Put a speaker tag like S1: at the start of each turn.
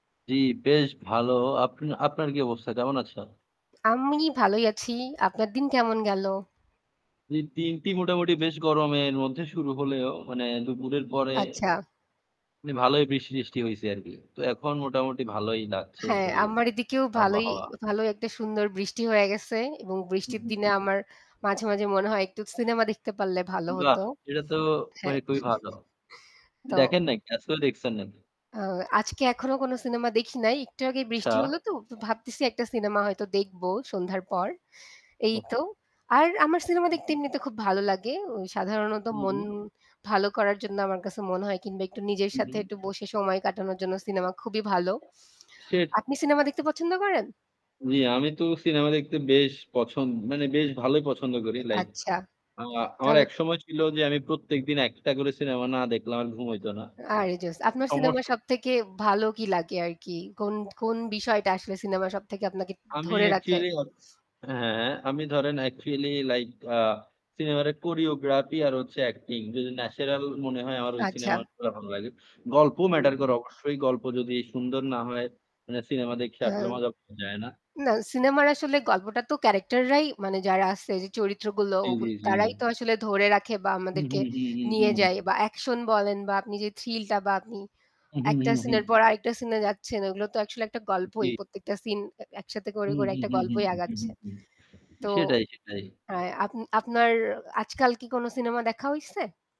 S1: জি, বেশ ভালো। আপ আপনার কি অবস্থা? কেমন আছেন?
S2: আমি ভালোই আছি, আপনার দিন কেমন গেল?
S1: জি, দিনটি মোটামুটি বেশ গরমের মধ্যে শুরু হলেও মানে দুপুরের পরে
S2: আচ্ছা।
S1: মানে ভালোই বৃষ্টি-টৃষ্টি হইছে আরকি। তো এখন মোটামুটি ভালোই লাগছে
S2: হ্যাঁ,
S1: পরিবেশ
S2: আমার এদিকেও ভালোই,
S1: আবহাওয়া।
S2: ভালোই একটা সুন্দর বৃষ্টি হয়ে গেছে। এবং
S1: হু,
S2: বৃষ্টির
S1: হুম।
S2: দিনে আমার মাঝে, মাঝে মনে হয় একটু সিনেমা দেখতে পারলে ভালো
S1: বাহ!
S2: হতো।
S1: এটা তো
S2: হ্যাঁ।
S1: মানে খুবই ভালো।
S2: তো
S1: দেখেন না একটা। আজকেও দেখছেন নাকি?
S2: আ আজকে এখনো কোন সিনেমা দেখি নাই। একটু আগে
S1: আচ্ছা।
S2: বৃষ্টি হল তো। তো ভাবতেছি একটা সিনেমা হয়তো দেখবো সন্ধ্যার পর। এই
S1: ওহ!
S2: তো। আর আমার সিনেমা
S1: হু,
S2: দেখতে
S1: হুম।
S2: এমনিতে খুব ভালো লাগে। সাধারণত
S1: হু,
S2: মন
S1: হুম।
S2: ভালো করার জন্য আমার কাছে মনে হয় কিংবা একটু নিজের
S1: হু,
S2: সাথে
S1: হুম।
S2: একটু বসে সময় কাটানোর জন্য সিনেমা খুবই ভালো।
S1: সিট!
S2: আপনি সিনেমা দেখতে
S1: হুম।
S2: পছন্দ করেন?
S1: জ্বি, আমি তো সিনেমা দেখতে বেশ পছন মানে বেশ ভালোই পছন্দ করি। লাইক
S2: আচ্ছা
S1: আ আমার
S2: তাহলে তো
S1: একসময় ছিল যে আমি প্রত্যেকদিন ১ টা করে সিনেমা না দেখলে আমার ঘুম হইত না।
S2: আরে জোস। আপনার সিনেমার
S1: সমস্যা
S2: সব থেকে ভালো কি লাগে আর কি? কোন, কোন বিষয়টা আসলে সিনেমা সব থেকে আপনাকে
S1: আমি
S2: ধরে রাখে?
S1: অ্যাকচুয়ালি [unintelligible] হ্যাঁ, হ্যাঁ। আমি ধরেন অ্যাকচুয়ালি লাইক আ সিনেমার ওই কোরিওগ্রাফি আর হচ্ছে অ্যাক্টিং যদি ন্যাচারাল মনে হয় আমার ওই
S2: আচ্ছা।
S1: সিনেমাগুলা ভাল লাগে। গল্প
S2: হুম।
S1: ম্যাটার করে অবশ্যই। গল্প যদি সুন্দর না হয় মানে সিনেমা দেখে আসলে
S2: আম
S1: মজা পাওয়া যায় না।
S2: না সিনেমার আসলে গল্পটা তো ক্যারাক্টার রাই মানে যারা আছে যে চরিত্রগুলো
S1: জি,
S2: ওগুল
S1: জি,
S2: তারাই
S1: জি।
S2: তো আসলে ধরে রাখে বা
S1: হুম,
S2: আমাদেরকে
S1: হুম, হুম, হুম,
S2: নিয়ে
S1: হুম।
S2: যায় বা অ্যাকশন বলেন বা আপনি যে থ্রিলটা বা আপনি
S1: হুম, হুম,
S2: একটা
S1: হুম, হুম।
S2: সিনের পর আরেকটা সিনে যাচ্ছেন, ওগুলো তো আসলে একটা গল্পই।
S1: জি।
S2: প্রত্যেকটা সিন এ একসাথে করে
S1: হুম,
S2: করে
S1: হুম,
S2: একটা
S1: হুম,
S2: গল্পই
S1: হুম, হুম,
S2: আগাচ্ছে।
S1: হুম।
S2: তো
S1: সেটাই, সেটাই।
S2: আ আপ আপনার আ আজকাল কি কোন সিনেমা দেখা হইছে?